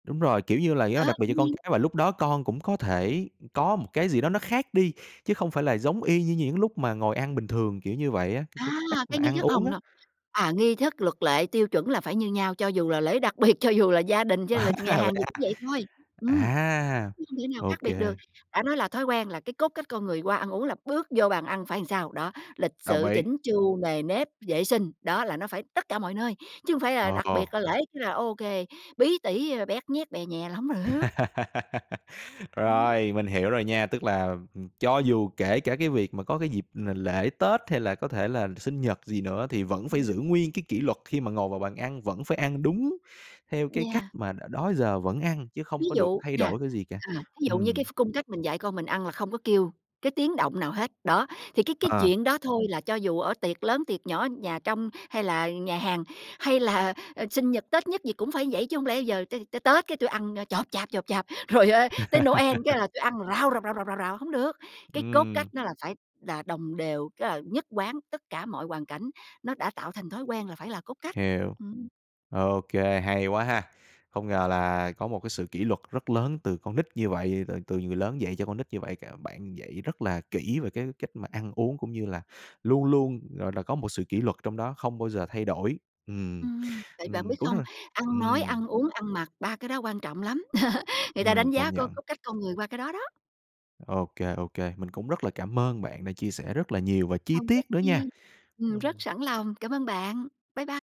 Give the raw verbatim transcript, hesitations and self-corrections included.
Đúng rồi, kiểu như là, À, do đặc biệt dĩ do con nhiên. cái và lúc đó con cũng có thể, ừm, có một cái gì đó nó khác đi, chứ không phải là giống y như những lúc mà ngồi ăn bình thường, kiểu như vậy á, c c À, cái cách cái mà nghi ăn thức uống hông, á. no, à, nghi thức luật lệ, tiêu chuẩn là phải như nhau. Cho dù là lễ đặc biệt, cho dù là gia đình, cho là À, nhà hàng vậy gì à. cũng vậy thôi, ừm, À, chứ không thể nào ô khác biệt được. kê. Đã nói là thói quen là cái cốt cách con người qua ăn uống là bước vô bàn ăn phải sao? Đó, lịch Đồng sự, ý. chỉnh chu, nề nếp, vệ sinh, đó là nó phải tất cả mọi nơi, chứ hông phải là đặc Ờ. biệt là lễ cái là ô kê, bí tỉ, à, bét nhét bè nhè là hông được. Ừm. Rồi, mình hiểu rồi nha, tức là, ừm, cho dù kể cả cái việc mà có cái dịp là l lễ Tết hay là có thể là sinh nhật gì nữa thì vẫn phải Ừm. giữ nguyên cái kỷ luật khi mà ngồi vào bàn ăn, vẫn phải ăn đúng theo cái cách Yeah. mà đ đó giờ vẫn ăn chứ Ví không có được dụ thay nè, đổi cái gì cả, à, thí dụ như ừm. cái ph cung cách mình dạy con mình ăn là không có kêu cái tiếng động nào hết, đó, thì cái cái À. chuyện đó thôi là cho dù ở tiệc lớn, tiệc nhỏ, nhà trong hay là nhà hàng, hay là, ờ, sinh nhật, Tết nhứt gì cũng phải vậy. Chứ hông lẽ giờ t tới Tết cái tui ăn, ơ, chộp chạp, chộp chạp, rồi, ơ, tới Noel cái là tui ăn rào, rào, rào, rào, rào, rào, hông được. Cái cốt cách Ừm. nó là phải đà đồng đều, cái là nhất quán tất cả mọi hoàn cảnh, nó đã tạo thành thói quen là phải là cốt cách, Hiểu. ừm. Ô kê, hay quá ha. Không ngờ là có một cái sự kỷ luật rất lớn từ con nít như vậy, rồi từ từ người lớn dạy cho con nít như vậy, c bạn dạy rất là kỹ về cái cách mà ăn uống cũng như là luôn luôn, gọi là, có một sự kỷ luật trong đó không bao giờ thay đổi. Ừm, Ừm, tại bạn ừm, biết mình cũng rất không? là Ăn nói, ừm. ăn uống, ăn mặc, ba cái đó quan trọng lắm, người ta Ừm, đánh giá công coi nhận. cốt cách con người qua cái đó đó. OK, OK, mình cũng rất là cảm ơn bạn đã chia sẻ rất là nhiều và chi Không có tiết nữa nha. chi, ừm, rất Ừm. sẵn lòng, cảm ơn bạn. Bye bye.